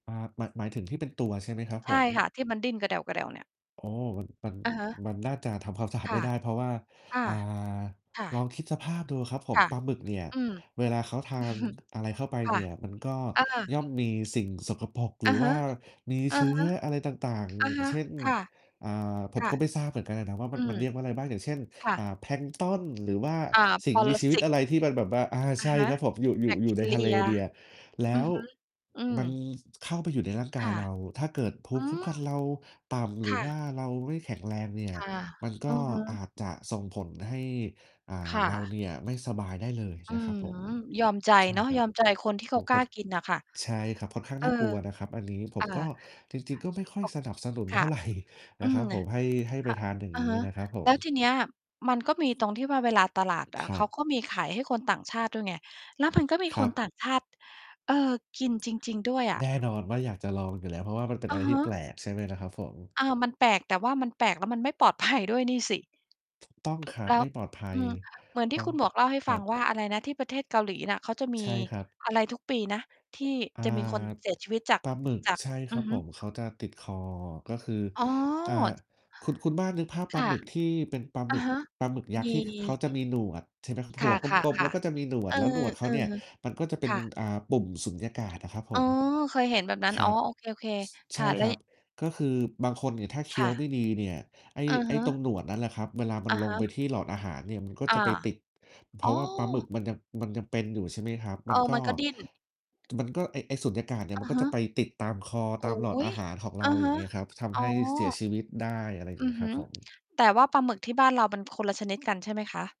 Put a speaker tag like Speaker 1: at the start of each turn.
Speaker 1: อ่า หมาย หมายถึงที่เป็นตัวใช่ไหมครับ
Speaker 2: ใ
Speaker 1: ผ
Speaker 2: ช่
Speaker 1: ม?
Speaker 2: ค่ะ ที่มันดิ้นกระแด่ว ๆ เนี่ย
Speaker 1: โอ้ มัน มัน
Speaker 2: อะฮะ
Speaker 1: มันน่าจะทำความสะอาด
Speaker 2: ค
Speaker 1: ไม
Speaker 2: ่
Speaker 1: ่
Speaker 2: ะ
Speaker 1: ได้ เพราะว่า
Speaker 2: ค่ะ
Speaker 1: อ่า
Speaker 2: ค่
Speaker 1: ลอ
Speaker 2: ะ
Speaker 1: งคิดสภาพดูครับผ
Speaker 2: ค
Speaker 1: ม
Speaker 2: ่ะ
Speaker 1: ปลาหมึกเนี่ย
Speaker 2: อืม
Speaker 1: เวลาเขาทานอะไรเข้าไป
Speaker 2: ค่
Speaker 1: เน
Speaker 2: ะ
Speaker 1: ี่ย มันก็
Speaker 2: เออ
Speaker 1: ย่อมมีสิ่งสกปรก ห
Speaker 2: อ
Speaker 1: ร
Speaker 2: ะ
Speaker 1: ือ
Speaker 2: ฮ
Speaker 1: ว
Speaker 2: ะ
Speaker 1: ่ามี
Speaker 2: อื
Speaker 1: เ
Speaker 2: อ
Speaker 1: ชื
Speaker 2: ฮ
Speaker 1: ้
Speaker 2: ึ
Speaker 1: ออะไรต่าง
Speaker 2: อ
Speaker 1: ๆ
Speaker 2: ะ
Speaker 1: อย่า
Speaker 2: ฮ
Speaker 1: ง
Speaker 2: ะ
Speaker 1: เช่น
Speaker 2: ค่ะ
Speaker 1: อ่า ผ
Speaker 2: ค
Speaker 1: ม
Speaker 2: ่ะ
Speaker 1: ก็ไม่ทราบเหมือนกันอะนะว่า
Speaker 2: อ
Speaker 1: ม
Speaker 2: ื
Speaker 1: ัน ม
Speaker 2: ม
Speaker 1: ันเรียกว่าอะไรบ้าง อย่างเช่น
Speaker 2: ค่
Speaker 1: อ่า
Speaker 2: ะ
Speaker 1: แพลงก์ตอน หรือว่า
Speaker 2: อ่า
Speaker 1: สิ่ง
Speaker 2: ป
Speaker 1: ม
Speaker 2: ร
Speaker 1: ีชีวิ
Speaker 2: ส
Speaker 1: ต
Speaker 2: ิต
Speaker 1: อะไรที่มันแบบว่า อา
Speaker 2: อ
Speaker 1: ใช
Speaker 2: ะ
Speaker 1: ่
Speaker 2: ฮะ
Speaker 1: ครับผม อยู่ อย
Speaker 2: แ
Speaker 1: ู
Speaker 2: บ
Speaker 1: ่
Speaker 2: ค
Speaker 1: อยู
Speaker 2: ท
Speaker 1: ่
Speaker 2: ี
Speaker 1: ใน
Speaker 2: เร
Speaker 1: ท
Speaker 2: ี
Speaker 1: ะเล
Speaker 2: ย
Speaker 1: ดีอะ แล้
Speaker 2: อือ
Speaker 1: ว
Speaker 2: ฮึ อืม
Speaker 1: มันเข้าไปอยู่ในร่างก
Speaker 2: ค
Speaker 1: าย
Speaker 2: ่ะ
Speaker 1: เรา ถ้าเกิดภู
Speaker 2: อ
Speaker 1: ม
Speaker 2: ื
Speaker 1: ิคุ้ม
Speaker 2: ม
Speaker 1: กันเราต่ำ หร
Speaker 2: ค
Speaker 1: ือ
Speaker 2: ่
Speaker 1: ว่
Speaker 2: ะ
Speaker 1: าเราไม่แข็งแรง เนี่ย
Speaker 2: ค่ะ
Speaker 1: มันก
Speaker 2: อื
Speaker 1: ็
Speaker 2: อฮึ
Speaker 1: อาจจะส่งผลให้ อ่า
Speaker 2: ค่
Speaker 1: เรา
Speaker 2: ะ
Speaker 1: เนี่ยไม่สบายได้เลย
Speaker 2: อื้
Speaker 1: น
Speaker 2: อ
Speaker 1: ะครับผ
Speaker 2: ฮื
Speaker 1: ม
Speaker 2: อ ยอมใจ
Speaker 1: ใช่
Speaker 2: เนาะ
Speaker 1: ครั
Speaker 2: ย
Speaker 1: บ
Speaker 2: อมใจคนที่
Speaker 1: โ
Speaker 2: เข
Speaker 1: อ้
Speaker 2: า
Speaker 1: โฮ
Speaker 2: ก
Speaker 1: ค
Speaker 2: ล้า
Speaker 1: ด
Speaker 2: กินน่ะค่ะ
Speaker 1: ใช่ครับ ค่อนข้าง
Speaker 2: เอ
Speaker 1: น
Speaker 2: อ
Speaker 1: ่ากลัวนะครับอันนี้ ผ
Speaker 2: อ่า
Speaker 1: มก็ จริง ๆ ก็ไม่ค่อย
Speaker 2: โอ้
Speaker 1: สนับสนุน
Speaker 2: ค
Speaker 1: เท
Speaker 2: ่
Speaker 1: ่
Speaker 2: ะ
Speaker 1: าไร น
Speaker 2: อ
Speaker 1: ะ
Speaker 2: ื
Speaker 1: คร
Speaker 2: ม
Speaker 1: ับ
Speaker 2: น
Speaker 1: ผ
Speaker 2: ่ะ
Speaker 1: ม ให้ ให้ไ
Speaker 2: ค
Speaker 1: ป
Speaker 2: ่ะ
Speaker 1: ทานอย่าง
Speaker 2: อะ
Speaker 1: งี
Speaker 2: ฮ
Speaker 1: ้
Speaker 2: ะ
Speaker 1: นะครับผ
Speaker 2: แล้ว
Speaker 1: ม
Speaker 2: ทีนี้อะ มันก็มีตรงที่ว่าเวลาตลาดอ
Speaker 1: ค
Speaker 2: ะ
Speaker 1: ร
Speaker 2: เ
Speaker 1: ั
Speaker 2: ขา
Speaker 1: บ
Speaker 2: ก็มีขายให้คนต่างชาติด้วยไง แล้วมันก็มี
Speaker 1: ค
Speaker 2: ค
Speaker 1: รั
Speaker 2: น
Speaker 1: บ
Speaker 2: ต่างชาติ เอ่อ กินจริง ๆ ด้วยอะ
Speaker 1: แน่นอนว่าอยากจะลองอยู่แล้ว เพราะว่ามันเป็น
Speaker 2: อ
Speaker 1: อะ
Speaker 2: ะ
Speaker 1: ไร
Speaker 2: ฮ
Speaker 1: ที่แป
Speaker 2: ะ
Speaker 1: ลก ใช่ไหมล่ะครับผม
Speaker 2: อา มันแปลก แต่ว่ามันแปลกแล้วมันไม่ปลอด ภัย ด้วยนี่สิ
Speaker 1: ถูกต้อง
Speaker 2: ถู
Speaker 1: ค
Speaker 2: ก
Speaker 1: รั
Speaker 2: แ
Speaker 1: บ
Speaker 2: ล้
Speaker 1: ไ
Speaker 2: ว
Speaker 1: ม่ปลอดภั
Speaker 2: อื
Speaker 1: ย
Speaker 2: ม เหมือนท
Speaker 1: ต
Speaker 2: ี่
Speaker 1: ้อ
Speaker 2: คุ
Speaker 1: ง
Speaker 2: ณหมวกเล่าให้
Speaker 1: ค
Speaker 2: ฟ
Speaker 1: ร
Speaker 2: ั
Speaker 1: ั
Speaker 2: ง
Speaker 1: บ
Speaker 2: ว่า อะไรนะ ที่ประเทศเกาหลีน่ะ เขาจะมี
Speaker 1: ใช่ครับ
Speaker 2: อะไรทุกปีนะ ที่
Speaker 1: อ่า
Speaker 2: จะมี คนเสียชีวิตจาก
Speaker 1: ปลาหมึก
Speaker 2: จาก
Speaker 1: ใช่
Speaker 2: อ
Speaker 1: ค
Speaker 2: ื
Speaker 1: รั
Speaker 2: อ
Speaker 1: บ
Speaker 2: ฮ
Speaker 1: ผ
Speaker 2: ึ
Speaker 1: ม เขาจะติดคอ ก็คือ
Speaker 2: อ๋
Speaker 1: อ่า
Speaker 2: อ
Speaker 1: คุณ คุณบ้านนึกภาพ
Speaker 2: ค
Speaker 1: ปลา
Speaker 2: ่
Speaker 1: ห
Speaker 2: ะ
Speaker 1: มึกที่เป็นปลาห
Speaker 2: อ
Speaker 1: ม
Speaker 2: ะ
Speaker 1: ึก
Speaker 2: ฮะ
Speaker 1: ปลาหมึกยั
Speaker 2: ม
Speaker 1: กษ์
Speaker 2: ี
Speaker 1: ที่เขาจะมีหนวด ใช่ไหมครับ
Speaker 2: ค
Speaker 1: หัวกลม ๆ แล้
Speaker 2: ่ะ
Speaker 1: วก็จะ
Speaker 2: ๆ
Speaker 1: มีหนว
Speaker 2: ๆ เอ
Speaker 1: ด
Speaker 2: อ
Speaker 1: แล้วหนวดเข
Speaker 2: อ
Speaker 1: า
Speaker 2: ะ
Speaker 1: เนี่ย
Speaker 2: ฮะ
Speaker 1: มันก็จะเป็
Speaker 2: ค
Speaker 1: น
Speaker 2: ่ะ
Speaker 1: อ่า ปุ่มสูญญากาศน่ะครับผ
Speaker 2: อ๋อ
Speaker 1: ม
Speaker 2: เคยเห็นแบบนั้น
Speaker 1: คร
Speaker 2: อ๋
Speaker 1: ั
Speaker 2: อ
Speaker 1: บ
Speaker 2: โอเค
Speaker 1: ช
Speaker 2: ๆ ค
Speaker 1: ใช
Speaker 2: ่
Speaker 1: ่
Speaker 2: ะ แ
Speaker 1: ค
Speaker 2: ล้
Speaker 1: ร
Speaker 2: ว
Speaker 1: ั
Speaker 2: ย
Speaker 1: บ ก็คือบางคนเนี่ยถ้าเค
Speaker 2: ค
Speaker 1: ี้ย
Speaker 2: ่
Speaker 1: วไ
Speaker 2: ะ
Speaker 1: ม่ดีเนี่ย ไอ้
Speaker 2: อือ
Speaker 1: ไอ
Speaker 2: ฮ
Speaker 1: ้ตร
Speaker 2: ึ
Speaker 1: งหนวดนั่นแหละครับ เวลามั
Speaker 2: อ
Speaker 1: น
Speaker 2: ะ
Speaker 1: ล
Speaker 2: ฮ
Speaker 1: งไ
Speaker 2: ะ
Speaker 1: ปที่หลอดอาหารเนี่ยมันก็
Speaker 2: อ
Speaker 1: จะ
Speaker 2: า
Speaker 1: ไปติด เพ
Speaker 2: อ๋
Speaker 1: รา
Speaker 2: อ
Speaker 1: ะว่าปลาหมึกมันยัง มันยังเป็นอยู่ ใช่ไหมครับ ม
Speaker 2: เอ
Speaker 1: ั
Speaker 2: อ
Speaker 1: นก็
Speaker 2: มันก็ดิ้น
Speaker 1: จ มันก็ไอ้ ไอ้สูญญากาศเนี่ย
Speaker 2: อ
Speaker 1: มั
Speaker 2: ะ
Speaker 1: นก็
Speaker 2: ฮ
Speaker 1: จะ
Speaker 2: ะ
Speaker 1: ไปติดตามคอ
Speaker 2: อ
Speaker 1: ต
Speaker 2: ุ
Speaker 1: า
Speaker 2: ๊
Speaker 1: มหลอดอ
Speaker 2: ย
Speaker 1: าหารของเ
Speaker 2: อ
Speaker 1: รา
Speaker 2: ะ
Speaker 1: อ
Speaker 2: ฮ
Speaker 1: ย่า
Speaker 2: ะ
Speaker 1: งเงี้ยครับ ท
Speaker 2: อ๋
Speaker 1: ำใ
Speaker 2: อ
Speaker 1: ห้เสียชีวิตได้ อะไรอย่า
Speaker 2: อ
Speaker 1: ง
Speaker 2: ื
Speaker 1: งี้
Speaker 2: อฮ
Speaker 1: คร
Speaker 2: ึ
Speaker 1: ับผม
Speaker 2: แต่ว่าปลาหมึกที่บ้านเรามันคนละชนิดกันใช่ไหมคะ?